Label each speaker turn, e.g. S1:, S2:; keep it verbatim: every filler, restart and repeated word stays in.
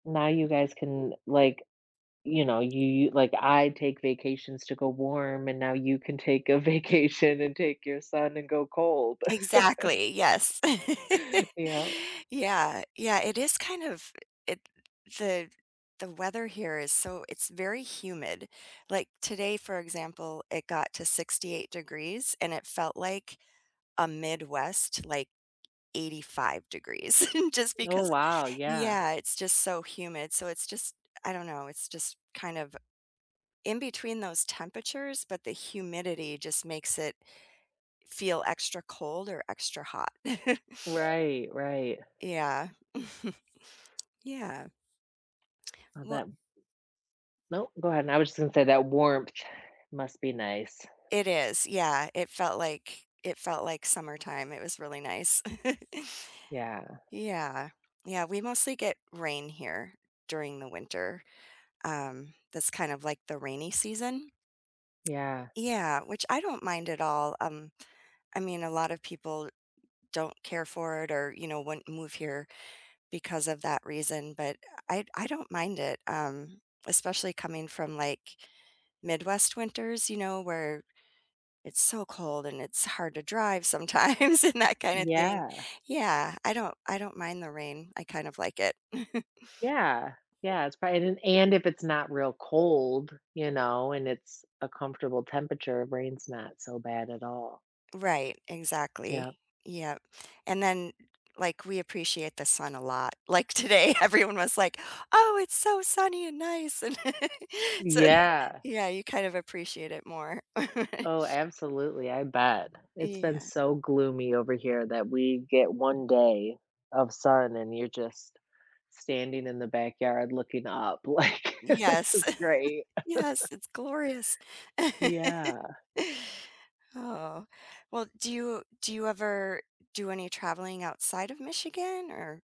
S1: Now you guys can, like, you know, you you like I take vacations to go warm, and now you can take a vacation and take your son and go cold.
S2: Exactly, yes.
S1: Yep.
S2: Yeah, yeah, it is kind of it the the weather here is so it's very humid, like, today, for example, it got to sixty-eight degrees, and it felt like a Midwest, like, eighty-five degrees just
S1: Oh,
S2: because
S1: wow, yeah.
S2: yeah, it's just so humid, so it's just, I I don't know, it's just kind of in between those temperatures, but the humidity just makes it feel extra cold or extra hot.
S1: Right, right.
S2: Yeah. Yeah.
S1: Oh,
S2: Wel
S1: that no, go ahead, and I was just gonna say that warmth must be nice.
S2: It is, yeah, it felt like it felt like summertime, it was really nice.
S1: Yeah.
S2: Yeah, yeah, we mostly get rain here during the winter, um, that's kind of like the rainy season.
S1: Yeah.
S2: Yeah, which I don't mind at all, um, I mean, a lot of people don't care for it or, you know, wouldn't move here because of that reason, but I I don't mind it, um, especially coming from, like, Midwest winters, you know, where it's so cold and it's hard to drive sometimes and that kinda thing.
S1: Yeah.
S2: Yeah, I don't I don't mind the rain, I kind of like it.
S1: Yeah, yeah, it's probab an and if it's not real cold, you know, and it's a comfortable temperature, rain's not so bad at all.
S2: Right, exactly,
S1: Yep.
S2: yep, and then, like, we appreciate the sun a lot, like, today, everyone was like, "Oh, it's so sunny and nice," and so,
S1: Yeah.
S2: yeah, you kind of appreciate it more.
S1: Oh, absolutely, I bet, it's been
S2: Yeah.
S1: so gloomy over here that we get one day of sun and you're just standing in the backyard looking up like, "This
S2: Yes,
S1: is great."
S2: yes, it's glorious.
S1: Yeah.
S2: Oh, well, do you do you ever do any traveling outside of Michigan? Or